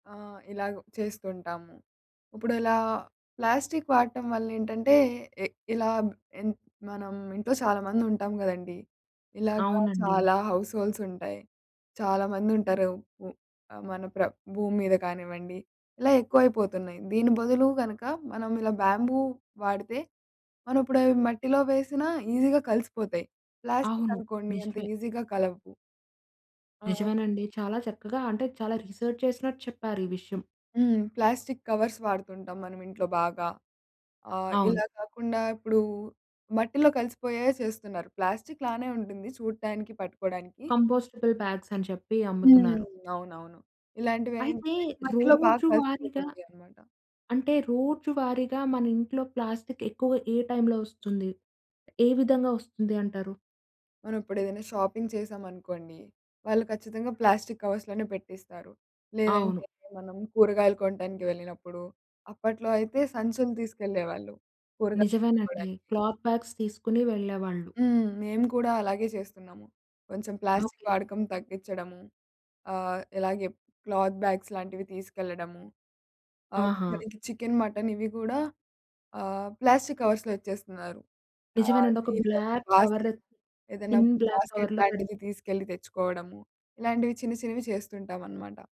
ఆహ్, ఇలాగ చేస్తుంటాము. ఇప్పుడలా ప్లాస్టిక్ వాడటం వల్ల ఏంటంటే, ఎ ఇలా బ్ ఎన్ మనం ఇంట్లో చాలా మందుంటాం గదండీ, ఇలాగ అవునండి. చాలా హౌస్‌హోల్డ్స్ ఉంటాయి. చాలా మందుంటారు. ఉ మన ప్ర భూమి మీద కానివ్వండి ఇలా ఎక్కువైపోతున్నాయి. దీని బదులు కనుక మనం ఇలా బ్యాంబూ వాడితే మనమిప్పుడవి మట్టిలో వేసినా ఈజీగా కలిసిపోతాయి. అవును. ప్లాస్టికనుకోండి అంత నిజమే. ఈజీగా కలవ్వు. ఆ! నిజమేనండి. చాలా చక్కగా అంటే, చాలా రీసెర్చ్ చేసినట్టు చెప్పారు ఈ విషయం. హ్మ్. ప్లాస్టిక్ కవర్స్ వాడుతుంటాం మనం ఇంట్లో బాగా. ఆహ్, అవును. ఇలా కాకుండా ఇప్పుడు మట్టిలో కలిసిపోయేయే సేస్తున్నారు. ప్లాస్టిక్‌లానే ఉంటుంది చూడటానికి, పట్టుకోవడానికి. కంపోస్టబుల్ బ్యాగ్స్ అని చెప్పి హ్మ్. అమ్ముతున్నారు. అవునవును. అయితే, ఇలాంటివేంటంటే మట్టిలో బాగా రోజు వారిగా కలిసిపోతుంటయన్నమాట. అంటే రోజు వారీగా మన ఇంట్లో ప్లాస్టిక్ ఎక్కువగా ఏ టైంలో వస్తుంది? ఏ విధంగా వస్తుంది అంటారు? మనమిప్పుడేదన్నా షాపింగ్ చేశామనుకోండి, వాళ్ళు ఖచ్చితంగా ప్లాస్టిక్ కవర్స్‌లోనే పెట్టిస్తారు. అవును. లేదంటే, మనం కూరగాయలు కొనడానికి వెళ్ళినప్పుడు. అప్పట్లో అయితే, సంచులు తీసుకెళ్ళేవాళ్ళు కూరగాయలు కొనుక్కోడానికి. నిజమేనండి. క్లాత్ బ్యాగ్స్ తీసుకొని వెళ్ళేవాళ్ళు. హ్మ్. మేము కూడా అలాగే చేస్తున్నాము. కొంచెం ఓకె. ప్లాస్టిక్ వాడకం తగ్గించడము, ఆహ్, ఇలాగే క్లాత్ బ్యాగ్స్ లాంటివి తీసుకెళ్లడము. అవును ఆహా! మనకి చికెన్, మటన్ ఇవి కూడా ఆహ్, ప్లాస్టిక్ కవర్స్‌లో ఇచ్చేస్తున్నారు. ఆహ్, నిజమేనండి. ఒక దీని వరకు బ్లాక్ కవర్, బాస్కెట్ ఏదన్నా థిన్ బ్లాక్ బాస్కెట్ కవర్‌లో కట్టి లాంటిది తీసుకెళ్ళి తెచ్చుకోవడము, ఇలాంటివి చిన్న చిన్నవి చేస్తుంటామనమాట.